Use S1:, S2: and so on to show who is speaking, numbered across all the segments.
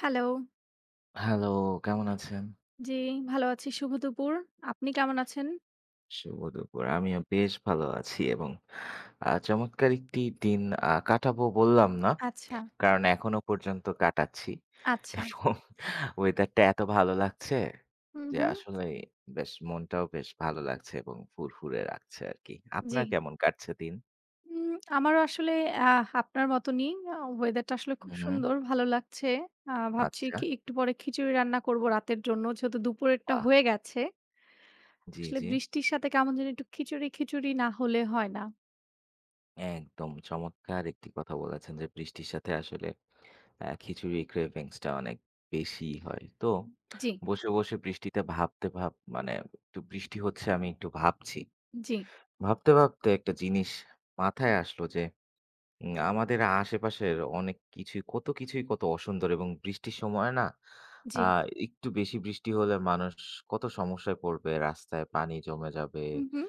S1: Hello.
S2: Hello, কেমন আছেন?
S1: জ্বি, ভালো আছি। শুভ দুপুর। আপনি কেমন আছেন?
S2: শুভ দুপুর। আমিও বেশ ভালো আছি এবং আ চমৎকার একটি দিন আ কাটাবো, বললাম না।
S1: আচ্ছা।
S2: কারণ এখনো পর্যন্ত কাটাচ্ছি।
S1: আচ্ছা।
S2: এবং ওয়েদারটা এত ভালো লাগছে,
S1: হুম,
S2: যে
S1: হুম।
S2: আসলেই বেশ মনটাও বেশ ভালো লাগছে এবং ফুরফুরে রাখছে আরকি। আপনার
S1: জি।
S2: কেমন কাটছে দিন?
S1: উম আমারও আসলে অ্যা আপনার মতনই। আ ওয়েদারটা আসলে
S2: হু,
S1: খুব
S2: হু।
S1: সুন্দর, ভালো লাগছে। আ ভাবছি
S2: আচ্ছা।
S1: কি? একটু পরে খিচুড়ি রান্না করবো রাতের জন্য, যেহেতু দুপুরেরটা
S2: বাহ!
S1: হয়ে গেছে।
S2: জি,
S1: আসলে
S2: জি।
S1: বৃষ্টির সাথে কেমন জানি একটু খিচুড়ি, খিচুড়ি না হলে হয় না।
S2: একদম চমৎকার একটি কথা বলেছেন যে, "বৃষ্টির সাথে আসলে অ্যা খিচুড়ি cravings টা অনেক বেশিই হয়।" তো
S1: হু, উ। জি।
S2: বসে, বসে বৃষ্টিতে ভাবতে ভাব মানে একটু বৃষ্টি হচ্ছে, আমি একটু ভাবছি।
S1: জি।
S2: ভাবতে, ভাবতে একটা জিনিস মাথায় আসলো, যে উম আমাদের আশেপাশের অনেক কিছুই কত কিছুই কত অসুন্দর, এবং বৃষ্টির সময় না, আ
S1: জি।
S2: একটু বেশি বৃষ্টি হলে মানুষ কত সমস্যায় পড়বে, রাস্তায় পানি জমে যাবে।
S1: হু, হু।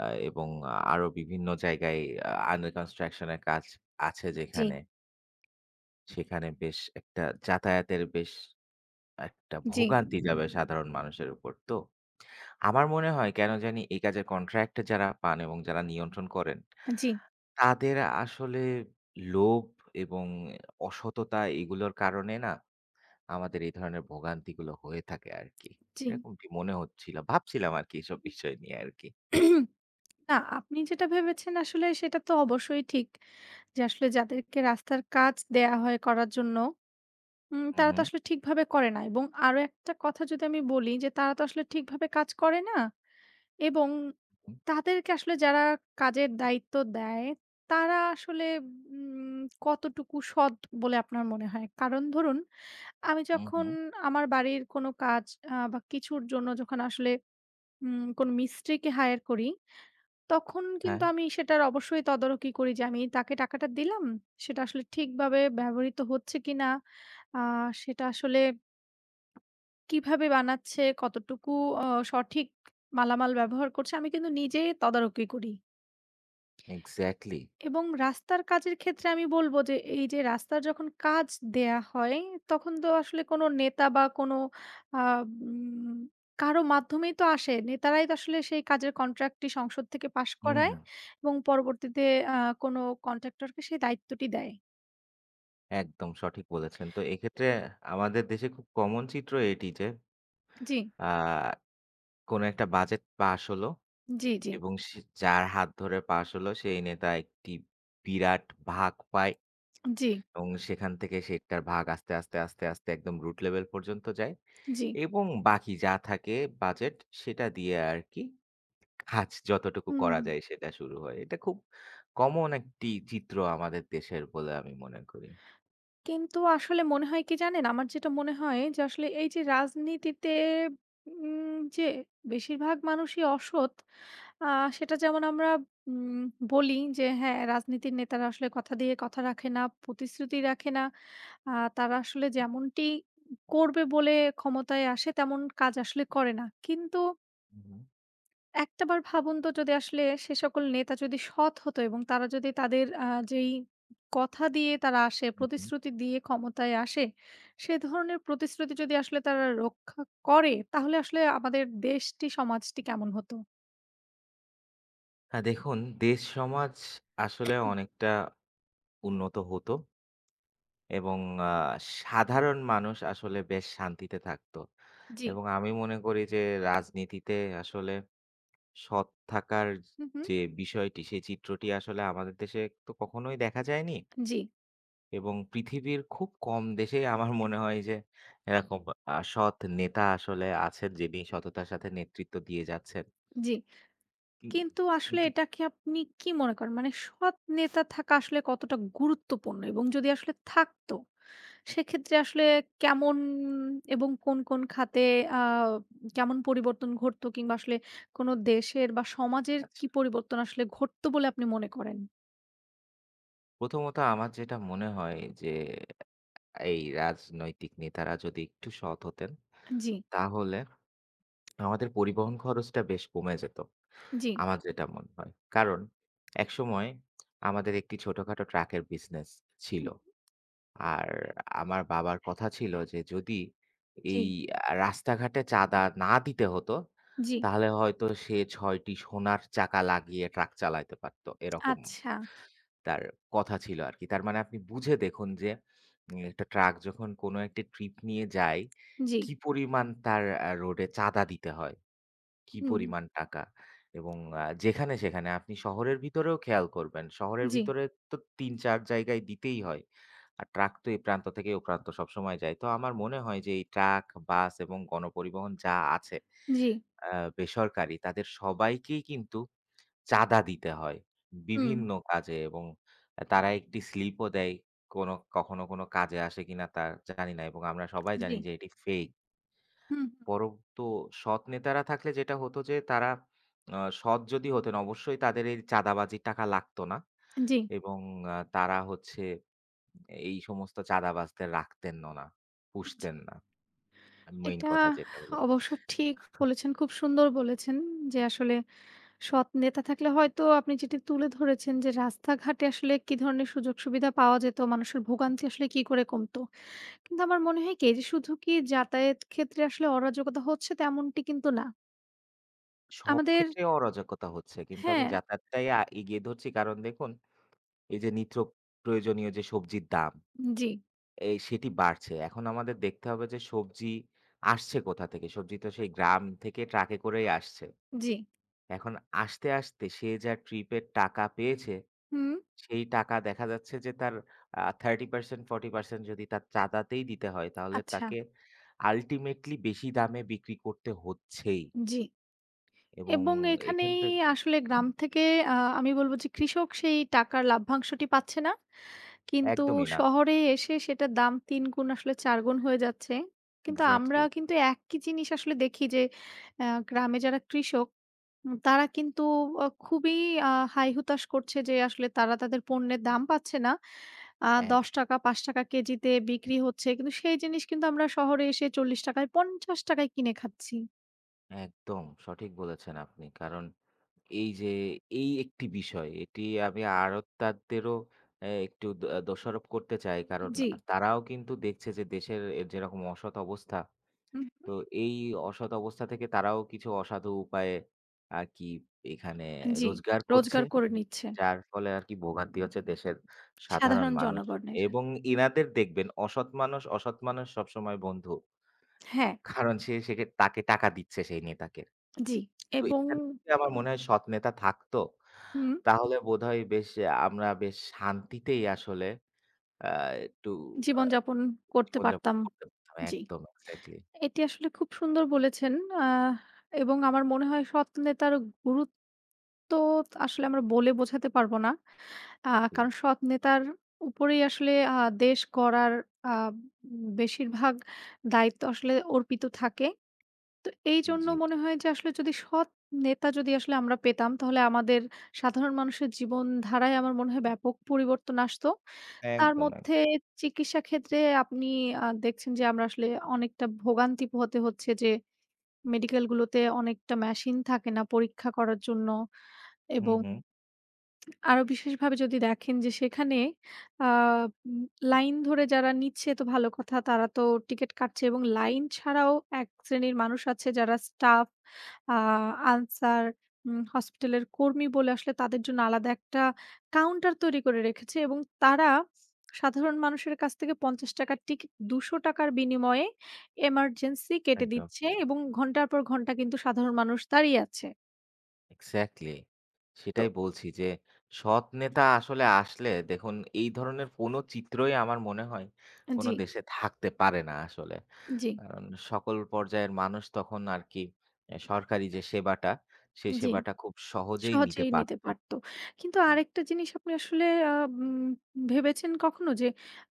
S2: আ এবং আরো বিভিন্ন জায়গায় আ under construction এর কাজ আছে যেখানে
S1: জি।
S2: সেখানে বেশ একটা যাতায়াতের বেশ একটা
S1: জি।
S2: ভোগান্তি যাবে সাধারণ মানুষের উপর। তো আমার মনে হয় কেন জানি, এই কাজের কন্ট্রাক্ট যারা পান এবং যারা নিয়ন্ত্রণ করেন,
S1: আ জি।
S2: তাদের আসলে লোভ এবং অসততা এগুলোর কারণে না আমাদের এই ধরনের ভোগান্তিগুলো হয়ে থাকে আরকি।
S1: জি।
S2: এরকমটি মনে হচ্ছিল। ভাবছিলাম আরকি এসব বিষয় নিয়ে আরকি।
S1: না, আপনি যেটা ভেবেছেন, আসলে সেটা তো অবশ্যই ঠিক। যে আসলে যাদেরকে রাস্তার কাজ দেয়া হয় করার জন্য, উম
S2: হু,
S1: তারা তো
S2: হু।
S1: আসলে ঠিকভাবে করে না। এবং আরো একটা কথা যদি আমি বলি যে, "তারা তো আসলে ঠিকভাবে কাজ করে না" এবং
S2: হু।
S1: তাদেরকে আসলে যারা কাজের দায়িত্ব দেয়, তারা আসলে উম কতটুকু সৎ বলে আপনার মনে হয়? কারণ ধরুন, আমি
S2: হু,
S1: যখন
S2: হু।
S1: আমার বাড়ির কোনো কাজ আ বা কিছুর জন্য যখন আসলে উম কোনো মিস্ত্রিকে hire করি, তখন কিন্তু
S2: হ্যাঁ।
S1: আমি সেটার অবশ্যই তদারকি করি যে, আমি তাকে টাকাটা দিলাম, সেটা আসলে ঠিকভাবে ব্যবহৃত হচ্ছে কিনা? আ সেটা আসলে কীভাবে বানাচ্ছে? কতটুকু অ সঠিক মালামাল ব্যবহার করছে? আমি কিন্তু নিজে তদারকি করি।
S2: এক্স্যাক্টলি।
S1: এবং রাস্তার কাজের ক্ষেত্রে আমি বলবো যে, এইযে রাস্তার যখন কাজ দেয়া হয়, তখন তো আসলে কোনো নেতা বা কোনো আ উম কারো মাধ্যমেই তো আসে। নেতারাই তো আসলে সেই কাজের কন্ট্রাক্টটি সংসদ থেকে পাশ
S2: হু,
S1: করায়
S2: হু।
S1: এবং পরবর্তীতে অ্যা কোনো কন্ট্রাক্টরকে সেই দায়িত্বটি দেয়।
S2: একদম সঠিক বলেছেন। তো এক্ষেত্রে আমাদের দেশে খুব কমন চিত্র এটি যে,
S1: জ্বি।
S2: আ কোন একটা বাজেট পাস হলো
S1: জ্বি, জ্বি।
S2: এবং স যার হাত ধরে পাস হলো সেই নেতা একটি বিরাট ভাগ পায়।
S1: জ্বি।
S2: এবং সেখান থেকে সেটার ভাগ আস্তে, আস্তে, আস্তে, আস্তে একদম root level পর্যন্ত যায়।
S1: জ্বি।
S2: এবং বাকি যা থাকে বাজেট সেটা দিয়ে আরকি কাজ যতটুকু
S1: হুম,
S2: করা
S1: হুম।
S2: যায় সেটা শুরু হয়। এটা খুব কমন একটি চিত্র আমাদের দেশের বলে আমি মনে করি।
S1: কিন্তু আসলে মনে হয় কি জানেন? আমার যেটা মনে হয় যে আসলে, এইযে রাজনীতিতে উম যে বেশিরভাগ মানুষই অসৎ আ সেটা যেমন আমরা উম বলি যে, হ্যাঁ, রাজনীতির নেতারা আসলে কথা দিয়ে কথা রাখে না, প্রতিশ্রুতি রাখে না। আ তারা আসলে যেমনটি ক করবে বলে ক্ষমতায় আসে, তেমন কাজ আসলে করে না। কিন্তু
S2: হু, হু।
S1: একটা বার ভাবুন তো যদি আসলে সে সকল নেতা যদি সৎ হতো এবং তারা যদি তাদের আ যেই ক কথা দিয়ে তারা আসে,
S2: হুম, হুম।
S1: প্রতিশ্রুতি দিয়ে ক্ষমতায় আসে, সে ধরনের প্রতিশ্রুতি যদি আসলে তারা রক্ষা করে, তাহলে আসলে আমাদের দেশটি, সমাজটি কেমন হতো?
S2: হ্যাঁ, দেখুন দেশ, সমাজ আসলে অনেকটা উন্নত হতো। এবং আ সাধারণ মানুষ আসলে বেশ শান্তিতে থাকত।
S1: জি।
S2: এবং আমি মনে করি যে রাজনীতিতে আসলে সৎ থাকার য
S1: হু, হু।
S2: যে বিষয়টি। সে চিত্রটি আসলে আমাদের দেশে তো কখনোই দেখা যায়নি।
S1: জি।
S2: এবং পৃথিবীর খুব কম দেশেই আমার মনে হয় যে, এরকম আ সৎ নেতা আসলে আছেন যিনি সততার সাথে নেতৃত্ব দিয়ে যাচ্ছেন।
S1: জি।
S2: কিন
S1: কিন্তু আসলে
S2: কিন্তু
S1: এটাকে আপনি কী মনে করেন? মানে সৎ নেতা থাকা আসলে কতটা গুরুত্বপূর্ণ? এবং যদি আসলে থাকতো, সেক্ষেত্রে আসলে কেমন এবং কোন, কোন খাতে আম কেমন পরিবর্তন ঘটতো? কিংবা আসলে কোন দেশের বা, সমাজের কি
S2: আচ্ছা।
S1: পরিবর্তন আসলে ঘটতো বলে আপনি মনে করেন?
S2: প্রথমত আমার যেটা মনে হয় যে, এ এই রাজনৈতিক নেতারা যদি একটু সৎ হতেন,
S1: আন জি।
S2: তাহলে আমাদের পরিবহন খরচটা বেশ কমে যেত।
S1: জি।
S2: আমার যেটা মনে হয়। কারণ একসময় আমাদের একটি ছোটখাটো ট্রাকের বিজনেস
S1: হু,
S2: ছিল।
S1: হু।
S2: আর আমার বাবার কথা ছিল যে, যদি এই
S1: জি।
S2: আ রাস্তাঘাটে চাঁদা না দিতে হতো,
S1: জি।
S2: তাহলে হয়তো সে ৬ টি সোনার চাকা লাগিয়ে ট্রাক চালাইতে পারত। এরকম।
S1: আচ্ছা।
S2: তার কথা ছিল আরকি। তার মানে আপনি বুঝে দেখুন যে, এ একটা ট্রাক যখন কোন একটা ট্রিপ নিয়ে যায়।
S1: জি।
S2: কি পরিমাণ তার আ রোডে চাঁদা দিতে হয়? কি
S1: হুম।
S2: পরিমাণ টাকা? এবং আ যেখানে-সেখানে। আপনি শহরের ভিতরেও খেয়াল করবেন। শহরের
S1: জি।
S2: ভিতরে তো ৩-৪ জায়গায় দিতেই হয়। আর ট্রাক তো এই প্রান্ত থেকে ও প্রান্ত সবসময় যায়। তো আমার মনে হয় যে এই ট্রাক, বাস এবং গণপরিবহন যা আছে
S1: জি।
S2: অ্যা বেসরকারি, তাদের সবাইকেই কিন্তু চাঁদা দিতে হয়
S1: হুম।
S2: বিভিন্ন কাজে এবং আ তারা একটি স্লিপও দেয়। কোনো কখনো কোনো কাজে আসে কিনা তা জানি না। এবং আমরা সবাই জানি
S1: জি।
S2: যে, এটি ফেক।
S1: হুম, হু।
S2: পরন্তু সৎ নেতারা থাকলে যেটা হতো যে, তারা অ্যা সৎ যদি হতেন অবশ্যই তাদের এই চাঁদাবাজির টাকা লাগতো না।
S1: জি।
S2: এবং আ তারা হচ্ছে এই সমস্ত চাঁদাবাজদের রাখতেনও না।
S1: জি।
S2: পুষতেন না। আ মেইন
S1: এটা
S2: কথা যেটা হলো।
S1: অবশ্য ঠিক বলেছেন, খুব সুন্দর বলেছেন। যে আসলে সৎ নেতা থাকলে হয়তো আপনি যেটি তুলে ধরেছেন যে, "রাস্তাঘাটে আসলে কি ধরনের সুযোগ সুবিধা পাওয়া যেত? মানুষের ভোগান্তি আসলে কি করে কমতো?" কিন্তু আমার মনে হয় কি? এই যে শুধু কি যাতায়াত ক্ষেত্রে আসলে অরাজকতা হচ্ছে তেমনটি কিন্তু না।
S2: সব
S1: আমাদের
S2: ক্ষেত্রে অরাজকতা হচ্ছে। কিন্তু আমি
S1: হ্যাঁ।
S2: যাতায়াতটাই আ এগিয়ে ধরছি কারন দেখুন, এই যে নিত্য প্রয়োজনীয় যে সবজির দাম।
S1: জ্বি।
S2: এই সেটি বাড়ছে। এখন আমাদের দেখতে হবে যে, সবজি আসছে কোথা থেকে? সবজি তো সেই গ্রাম থেকে ট্রাকে করেই আসছে।
S1: জ্বি।
S2: এখন আসতে, আসতে সে যা ট্রিপের টাকা পেয়েছে,
S1: হুম।
S2: সেই টাকা দেখা যাচ্ছে যে তার আ 30% 40% যদি তার চাদাতেই দিতে হয়, তাহলে
S1: আচ্ছা।
S2: তাকে আল্টিমেটলি বেশি দামে বিক্রি করতে হচ্ছেই।
S1: জ্বি।
S2: এবং
S1: এবং
S2: এখান
S1: এখানেই
S2: থেকে
S1: আসলে গ্রাম থেকে আ আমি বলব যে, কৃষক সেই টাকার লভ্যাংশটি পাচ্ছে না। কিন্তু
S2: একদমই না।
S1: শহরে এসে সেটার দাম ৩ গুণ আসলে ৪ গুণ হয়ে যাচ্ছে। কিন্তু আমরা
S2: এক্সাক্টলি।
S1: কিন্তু একই জিনিস আসলে দেখি যে, আ গ্রামে যারা কৃষক হু তারা কিন্তু অ খুবই আ হাই-হুতাশ করছে যে, আসলে তারা তাদের পণ্যের দাম পাচ্ছে না। আ দশ
S2: একদম।
S1: টাকা ৳৫ কেজিতে বিক্রি হচ্ছে। কিন্তু সেই জিনিস কিন্তু আমরা শহরে এসে ৳৪০-য়, ৳৫০-য় কিনে খাচ্ছি।
S2: একদম, সঠিক বলেছেন আপনি। কারণ এই যে, এই ১ টি বিষয়, এটি আমি আড়তদারদেরও অ্যা একটু দ দোষারোপ করতে চাই। কারণ
S1: জ্বি।
S2: তারাও কিন্তু দেখছে যে, দেশের যেরকম অসৎ অবস্থা।
S1: হু, হুম।
S2: তো এই অসৎ অবস্থা থেকে তারাও কিছু অসাধু উপায়ে, আরকি এখানে
S1: জ্বি।
S2: রোজগার করছে।
S1: রোজগার করে নিচ্ছে।
S2: যার ফলে আরকি ভোগান্তি হচ্ছে দেশের সাধারণ
S1: সাধারণ জনগণের।
S2: মানুষের এবং ইনাদের দেখবেন, অসৎ মানুষ, অসৎ মানুষ সবসময় বন্ধু
S1: হ্যাঁ।
S2: কারণ সে সেকে তাকে টাকা দিচ্ছে সেই নেতাকে।
S1: জ্বী,
S2: তো
S1: এবং
S2: এখানে আমার মনে হয় সৎ নেতা থাকত,
S1: হুম।
S2: তাহলে বোধহয় বেশ আমরা বেশ শান্তিতেই আসলে আ একটু আ
S1: জীবনযাপন করতে
S2: জীবন যাপন
S1: পারতাম।
S2: করতে পারতাম।
S1: জ্বি।
S2: একদম, এক্সাক্টলি।
S1: এটি আসলে খুব সুন্দর বলেছেন। আহ এবং আমার মনে হয় সৎ নেতার গুরুত্ব, আসলে আমরা বলে বোঝাতে পারব না। আ
S2: হুম।
S1: কারণ সৎ নেতার উপরেই আসলে আ দেশ গড়ার আ বেশিরভাগ দায়িত্ব আসলে অর্পিত থাকে। তো এইজন্য
S2: জী।
S1: মনে হয় যে, আসলে যদি সৎ নেতা যদি আসলে আমরা পেতাম, তাহলে আমাদের সাধারণ মানুষের জীবন ধারায় আমার মনে হয় ব্যাপক পরিবর্তন আসত। তার
S2: একদম,
S1: মধ্যে
S2: একদম।
S1: চিকিৎসা ক্ষেত্রে আপনি আ দেখছেন যে আমরা আসলে অনেকটা ভোগান্তি পোহাতে হচ্ছে যে, মেডিকেল গুলোতে অনেকটা মেশিন থাকে না পরীক্ষা করার জন্য
S2: হুম,
S1: এবং
S2: হুম।
S1: আরো বিশেষভাবে যদি দেখেন যে, সেখানে আ লাইন ধরে যারা নিচ্ছে তো ভালো কথা। তারা তো টিকেট কাটছে এবং লাইন ছাড়াও ১ শ্রেণীর মানুষ আছে যারা স্টাফ, আ আনসার, উম হাসপাতালের কর্মী বলে আসলে তাদের জন্য আলাদা ১ টা কাউন্টার তৈরি করে রেখেছে এবং তারা, সাধারণ মানুষের কাছ থেকে ৳৫০-র টিকেট, ৳২০০-র বিনিময়ে, এমার্জেন্সি কেটে
S2: একদম।
S1: দিচ্ছে এবং ঘন্টার পর ঘন্টা কিন্তু সাধারণ মানুষ দাঁড়িয়ে আছে।
S2: এক্সাক্টলি।
S1: তো
S2: সেটাই বলছি যে, সৎ নেতা আসলে আসলে দেখুন এই ধরনের কোনো চিত্রই আমার মনে হয়, কোনো
S1: জি।
S2: দেশে থাকতে পারে না আসলে।
S1: জি।
S2: কারণ সকল পর্যায়ের মানুষ তখন আরকি এ সরকারি যে সেবাটা; সে
S1: জি।
S2: সেবাটা খুব সহজেই নিতে
S1: সহজেই নিতে
S2: পারত।
S1: পারত। কিন্তু আরেকটা জিনিস আপনি আসলে আ উম ভেবেছেন কখনো যে,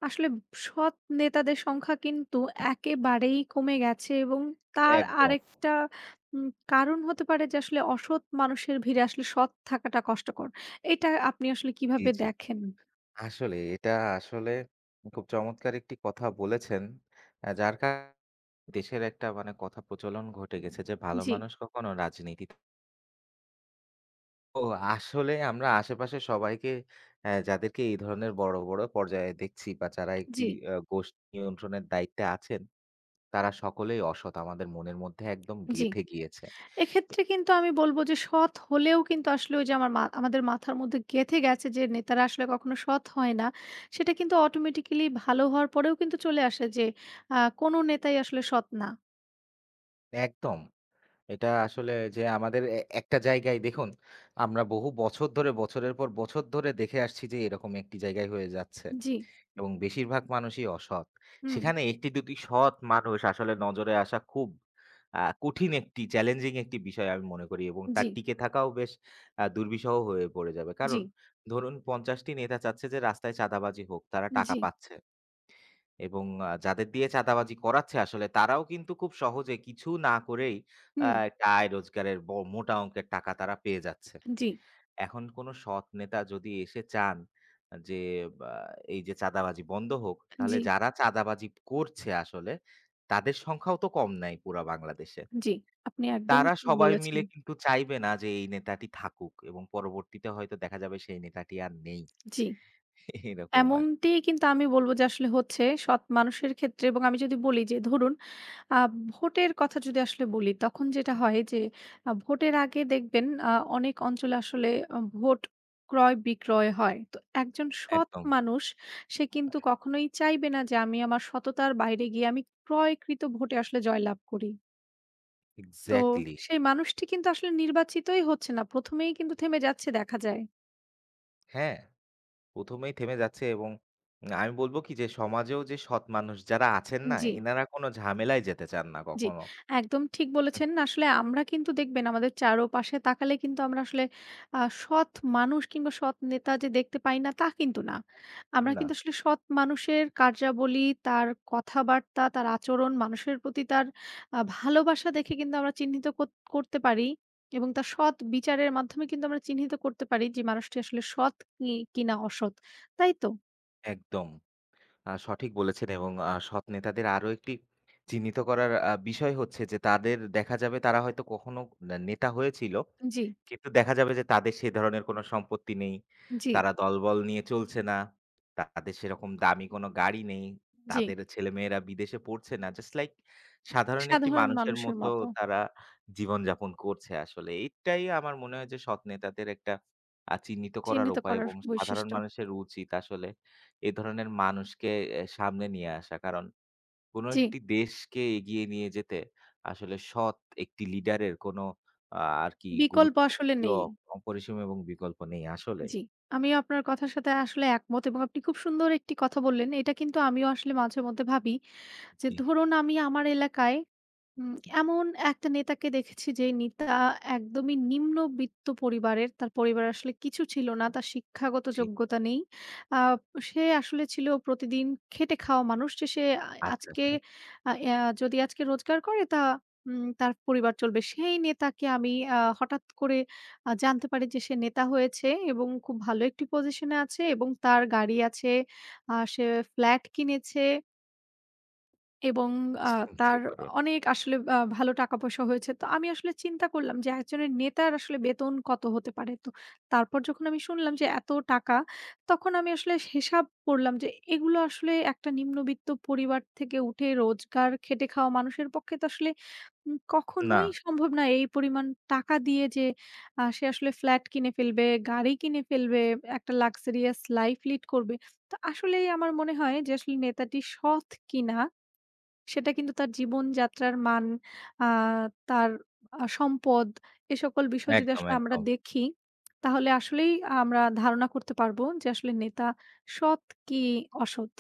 S1: আসলে সৎ নেতাদের সংখ্যা কিন্তু একেবারেই কমে গেছে এবং তার
S2: একদম।
S1: আরেকটা উম কারণ হতে পারে যে আসলে অসৎ মানুষের ভিড়ে আসলে সৎ থাকাটা কষ্টকর। এটা আপনি আসলে
S2: জি,
S1: কিভাবে
S2: জি।
S1: দেখেন?
S2: আসলেই, এটা আসলে খুব চমৎকার একটি কথা বলেছেন। অ্যা যার কারণ দেশের একটা মানে কথা প্রচলন ঘটে গেছে যে, ভালো
S1: জি।
S2: মানুষ কখনো রাজনীতিতে ও আসলে আমরা আশেপাশে সবাইকে অ্যা যাদেরকে এই ধরনের বড়, বড় পর্যায়ে দেখছি বা যারা একটি
S1: জি।
S2: অ্যা গোষ্ঠী নিয়ন্ত্রণের দায়িত্বে আছেন, "তারা সকলেই অসৎ" আমাদের মনের মধ্যে একদম
S1: জি।
S2: গেঁথে গিয়েছে।
S1: এক্ষেত্রে কিন্তু আমি বলব যে, সৎ হলেও কিন্তু আসলে ওই যে আমার মা আমাদের মাথার মধ্যে গেঁথে গেছে যে, "নেতারা আসলে কখনো সৎ হয় না।" সেটা কিন্তু automatically ভালো হওয়ার পরেও কিন্তু চলে আসে যে, আ "কোনো নেতাই আসলে সৎ না।"
S2: একদম, এটা আসলে যে আমাদের এ একটা জায়গায় দেখুন, আমরা বহু বছর ধরে, বছরের পর বছর ধরে দেখে আসছি যে, এরকম একটি জায়গায় হয়ে যাচ্ছে।
S1: জি।
S2: এবং বেশিরভাগ মানুষই অসৎ,
S1: হুম।
S2: সেখানে একটি-দুটি সৎ মানুষ আসলে নজরে আসা খুব আ কঠিন, একটি চ্যালেঞ্জিং একটি বিষয়, আমি মনে করি, এবং তার
S1: জি।
S2: টিকে থাকাও বেশ আ দুর্বিষহ হয়ে পড়ে যাবে। কারণ,
S1: জি।
S2: ধরুন ৫০ টি নেতা চাচ্ছে যে রাস্তায় চাঁদাবাজি হোক, তারা টাকা
S1: জি।
S2: পাচ্ছে। এবং আ যাদের দিয়ে চাঁদাবাজি করাচ্ছে, আসলে তারাও কিন্তু খুব সহজে কিছু না করেই, আ
S1: হুম।
S2: একটা আয় রোজগারের ব মোটা অংকের টাকা তারা পেয়ে যাচ্ছে।
S1: জি।
S2: এখন, কোন সৎ নেতা যদি এসে চান যে, আ এই যে চাঁদাবাজি বন্ধ হোক, তাহলে
S1: জি।
S2: যারা চাঁদাবাজি করছে আসলে, তাদের সংখ্যাও তো কম নাই, পুরা বাংলাদেশে।
S1: জি, আপনি একদম
S2: তারা
S1: ঠিক
S2: সবাই
S1: বলেছেন।
S2: মিলে কিন্তু চাইবে না যে, এই নেতাটি থাকুক এবং পরবর্তীতে হয়তো দেখা যাবে সেই নেতাটি আর নেই।
S1: জি।
S2: এইরকম আরকি।
S1: এমনটি কিন্তু আমি বলবো যে আসলে হচ্ছে সৎ মানুষের ক্ষেত্রে, এবং আমি যদি বলি যে ধরুন আ ভোটের কথা যদি আসলে বলি, তখন যেটা হয় যে, আ ভোটের আগে আ দেখবেন আ অনেক অঞ্চলে আসলে অ ভোট ক্রয় বিক্রয় হয়। তো একজন সৎ
S2: একদম।
S1: মানুষ সে কিন্তু, কখনোই চাইবে না যে, আমি আমার সততার বাইরে গিয়ে, আমি ক্রয়কৃত ভোটে আসলে জয়লাভ করি। তো,
S2: এক্সাক্টলি!
S1: সেই মানুষটি কিন্তু আসলে নির্বাচিতই হচ্ছে না। ১ম এই কিন্তু থেমে যাচ্ছে, দেখা যায়।
S2: হ্যাঁ ১ম এই থেমে যাচ্ছে এবং আমি বলবো কি যে সমাজেও যে সৎ মানুষ যারা আছেন না
S1: জি।
S2: ইনারা কোনো ঝামেলায় যেতে চান না
S1: জি।
S2: কখনো।
S1: একদম ঠিক
S2: হুম।
S1: বলেছেন। আসলে আমরা কিন্তু দেখবেন আমাদের চারপাশে তাকালে কিন্তু আমরা আসলে আ সৎ মানুষ কিংবা সৎ নেতা যে দেখতে পাই না তা কিন্তু না। আমরা
S2: না।
S1: কিন্তু আসলে সৎ মানুষের কার্যাবলী, তার কথাবার্তা, তার আচরণ মানুষের প্রতি তার আ ভালোবাসা দেখে কিন্তু আমরা চিহ্নিত কর করতে পারি এবং তার সৎ বিচারের মাধ্যমে কিন্তু আমরা চিহ্নিত করতে পারি যে মানুষটি আসলে সৎ কি কিনা অসৎ। তাই তো?
S2: একদম। আ সঠিক বলেছেন এবং আ সৎ নেতাদের আরো একটি চিহ্নিত করার আ বিষয় হচ্ছে যে তাদের দেখা যাবে তারা হয়তো কখনো নেতা হয়েছিল।
S1: জি।
S2: কিন্তু দেখা যাবে যে তাদের সে ধরনের কোন সম্পত্তি নেই,
S1: জি।
S2: তারা দলবল নিয়ে চলছে না, তাদের সেরকম দামি কোন গাড়ি নেই,
S1: জি।
S2: তাদের ছেলেমেয়েরা বিদেশে পড়ছে না জাস্ট লাইক সাধারণ একটি
S1: সাধারণ
S2: মানুষের
S1: মানুষের
S2: মতো
S1: মতো।
S2: তারা জীবন যাপন করছে আসলে। এটাই আমার মনে হয় যে সৎ নেতাদের একটা আ চিহ্নিত করার
S1: চিহ্নিত
S2: উপায়
S1: করার
S2: এবং সাধারণ
S1: বৈশিষ্ট্য।
S2: মানুষের উচিত আসলে এ ধরনের মানুষকে এ সামনে নিয়ে আসা। কারণ কোনো
S1: জি।
S2: একটি দেশকে এগিয়ে নিয়ে যেতে আসলে সৎ একটি লিডারের কোন আ আরকি
S1: বিকল্প
S2: গুরুত্ব
S1: আসলে
S2: অ
S1: নেই।
S2: অপরিসীম এবং বিকল্প নেই আসলে।
S1: জি। আমিও আপনার কথার সাথে আসলে একমত এবং আপনি খুব সুন্দর একটি কথা বললেন এটা কিন্তু আমিও আসলে মাঝে মধ্যে ভাবি। যে
S2: জি।
S1: ধরুন আমি আমার এলাকায় উম এমন একটা নেতাকে দেখেছি যেই নেতা একদমই নিম্নবৃত্ত পরিবারের। তার পরিবার আসলে কিছু ছিল না। তার শিক্ষাগত
S2: জি।
S1: যোগ্যতা নেই। আ সে আসলে ছিল প্রতিদিন খেটে খাওয়া মানুষ সে সে আ
S2: আচ্ছা,
S1: আজকে।
S2: আচ্ছা।
S1: আ আয়া যদি আজকে রোজগার করে তা উম তার পরিবার চলবে। সেই নেতাকে আমি আ হঠাৎ করে আ জানতে পারি যে সে নেতা হয়েছে এবং খুব ভালো একটি পজিশন এ আছে এবং তার গাড়ি আছে। আ সে ফ্লাট কিনেছে। এবং আ
S2: চিন্তা
S1: তার অ
S2: করো।
S1: অনেক আসলে আ ভালো টাকা পয়সা হয়েছে। তো আমি আসলে চিন্তা করলাম যে একজনের নেতার আসলে বেতন কত হতে পারে? তো তারপর যখন আমি শুনলাম যে এত টাকা, তখন আমি আসলে সি হিসাব করলাম যে এগুলো আসলে একটা নিম্নবিত্ত পরিবার থেকে উঠে রোজগার খেটে খাওয়া মানুষের পক্ষে তো আসলে উম কখনোই
S2: না।
S1: সম্ভব না। এই পরিমাণ টাকা দিয়ে যে আ সে আসলে ফ্ল্যাট কিনে ফেলবে, গাড়ি কিনে ফেলবে, বে একটা লাক্সারিয়াস লাইফ লিড করবে। তো আসলেই আমার মনে হয় যে আসলে নেতাটি সৎ কিনা সেটা কিন্তু তার জীবনযাত্রার মান, আ তার আ সম্পদ, এ সকল বিষয় যদি
S2: একদম,
S1: আসলে আমরা
S2: একদম।
S1: দেখি, তাহলে আসলেই আ আমরা ধারণা করতে পারব যে আসলে নেতা সৎ কি অসৎ।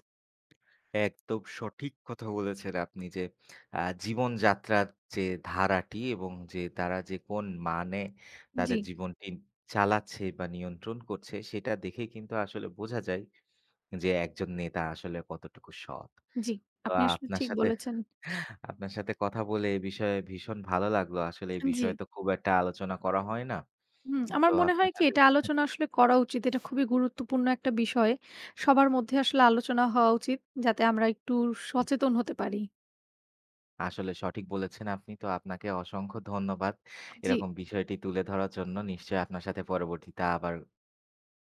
S2: একদম সঠিক কথা বলেছেন আপনি যে, "আ জীবন যাত্রার যে ধারাটি এবং যে তারা যে কোন মানে তাদের
S1: জ্বি।
S2: জীবনটি চালাচ্ছে বা, নিয়ন্ত্রণ করছে, সেটা দেখে কিন্তু আসলে বোঝা যায় যে একজন নেতা আসলে কতটুকু সৎ।"
S1: জ্বি।
S2: তো
S1: আপনি আসলে
S2: আপনার
S1: ঠিক
S2: সাথে
S1: বলেছেন।
S2: আপনার সাথে কথা বলে এই বিষয়ে ভীষণ ভালো লাগলো। আসলে এই
S1: আন জ্বি।
S2: বিষয়ে তো খুব একটা আলোচনা করা হয় না।
S1: হুম।
S2: তো
S1: আমার মনে হয়
S2: আপনার
S1: কি
S2: সাথে
S1: এটা
S2: হ্যাঁ।
S1: আলোচনা আসলে করা উচিত। এটা খুবই গুরুত্বপূর্ণ একটা বিষয়। সবার মধ্যে আসলে আলোচনা হওয়া উচিত। যাতে আমরা একটু উ
S2: দম
S1: সচেতন হতে পারি।
S2: আসলে সঠিক বলেছেন আপনি। তো আপনাকে অসংখ্য ধন্যবাদ
S1: জ্বি।
S2: এরকম বিষয়টি তুলে ধরার জন্য। নিশ্চয়ই আপনার সাথে পরবর্তীতে আবার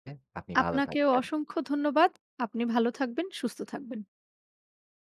S2: [unintelligible] আপনি ভালো
S1: আপনাকেও
S2: থাকবেন।
S1: অসংখ্য ধন্যবাদ। আপনি ভালো থাকবেন, সুস্থ থাকবেন।